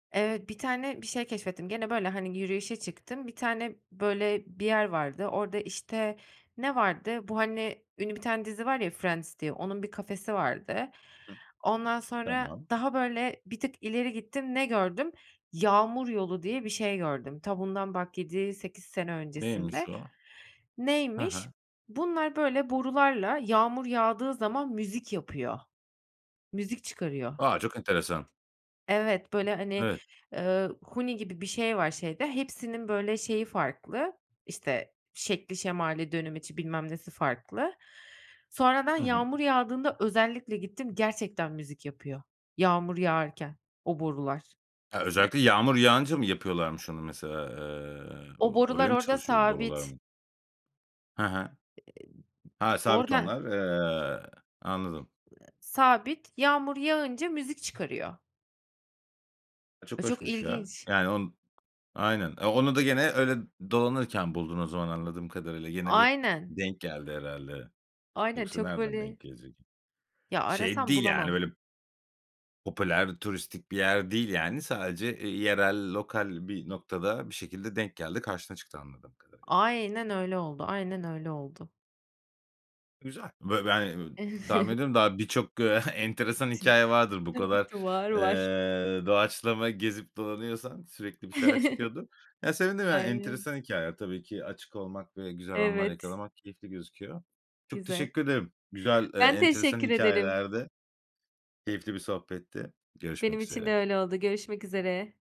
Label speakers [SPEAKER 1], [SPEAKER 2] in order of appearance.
[SPEAKER 1] Evet, 1 tane bir şey keşfettim, gene böyle, hani, yürüyüşe çıktım, 1 tane, böyle, bir yer vardı, orada, işte, ne vardı, bu, hani, ünlü bir tane dizi var ya Friends diye, onun bir kafesi vardı.
[SPEAKER 2] Hıh.
[SPEAKER 1] Ondan sonra
[SPEAKER 2] Tamam.
[SPEAKER 1] daha böyle bir tık ileri gittim, ne gördüm? "Yağmur yolu" diye bir şey gördüm, ta bundan bak 7-8 sene
[SPEAKER 2] Neymiş
[SPEAKER 1] öncesinde.
[SPEAKER 2] o? Ha
[SPEAKER 1] Neymiş?
[SPEAKER 2] ha.
[SPEAKER 1] Bunlar böyle borularla yağmur yağdığı zaman müzik yapıyor. Müzik çıkarıyor.
[SPEAKER 2] A, çok enteresan.
[SPEAKER 1] Evet, böyle, hani,
[SPEAKER 2] Evet.
[SPEAKER 1] ııı, huni gibi bir şey var şeyde, hepsinin böyle şeyi farklı, işte, şekli şemali, dönemeci bilmem nesi farklı. Sonra ben
[SPEAKER 2] Hı hı.
[SPEAKER 1] yağmur yağdığında özellikle gittim, gerçekten müzik yapıyor, yağmur yağarken o borular.
[SPEAKER 2] E, özellikle yağmur yağınca mı yapıyorlarmış onu mesela? Eee,
[SPEAKER 1] O
[SPEAKER 2] o
[SPEAKER 1] borular
[SPEAKER 2] oraya mı
[SPEAKER 1] orada
[SPEAKER 2] çalışıyor borular
[SPEAKER 1] sabit.
[SPEAKER 2] mı? Ha ha.
[SPEAKER 1] İii,
[SPEAKER 2] Ha,
[SPEAKER 1] [unintelligible]
[SPEAKER 2] sabit
[SPEAKER 1] orada.
[SPEAKER 2] onlar. Eee, anladım.
[SPEAKER 1] Iıı, sabit, yağmur yağınca müzik çıkarıyor.
[SPEAKER 2] A, çok
[SPEAKER 1] A, çok
[SPEAKER 2] hoşmuş ya.
[SPEAKER 1] ilginç.
[SPEAKER 2] Yani on Aynen. Eee, onu da gene öyle dolanırken buldun o zaman anladığım kadarıyla. Yine bir
[SPEAKER 1] Aynen.
[SPEAKER 2] denk geldi herhâlde.
[SPEAKER 1] Aynen,
[SPEAKER 2] Yoksa
[SPEAKER 1] çok
[SPEAKER 2] nereden denk
[SPEAKER 1] böyle
[SPEAKER 2] gelecek?
[SPEAKER 1] Ya
[SPEAKER 2] Şey
[SPEAKER 1] arasam
[SPEAKER 2] değil yani
[SPEAKER 1] bulamam.
[SPEAKER 2] öyle Popüler turistik bir yer değil yani. Sadece, eee, yerel lokal bir noktada bir şekilde denk geldi karşına çıktı anladığım kadarıyla.
[SPEAKER 1] Aynen öyle oldu, aynen öyle oldu.
[SPEAKER 2] Güzel. Bö ben, eee, tahmin ediyorum daha birçok, eee, enteresan hikâye vardır bu kadar,
[SPEAKER 1] [unintelligible] Var var.
[SPEAKER 2] eee, doğaçlama gezip dolanıyorsan sürekli bir şeyler çıkıyordur. Ya sevindim, yani
[SPEAKER 1] Aynen.
[SPEAKER 2] enteresan hikâyeler tabii ki. Açık olmak ve güzel anlar
[SPEAKER 1] Evet.
[SPEAKER 2] yakalamak keyifli gözüküyor. Çok
[SPEAKER 1] Güzel.
[SPEAKER 2] teşekkür ederim. Güzel, eee,
[SPEAKER 1] Ben
[SPEAKER 2] enteresan
[SPEAKER 1] teşekkür ederim.
[SPEAKER 2] hikâyelerdi, keyifli bir sohbetti.
[SPEAKER 1] Benim
[SPEAKER 2] Görüşmek
[SPEAKER 1] için de
[SPEAKER 2] üzere.
[SPEAKER 1] öyle oldu görüşmek üzere.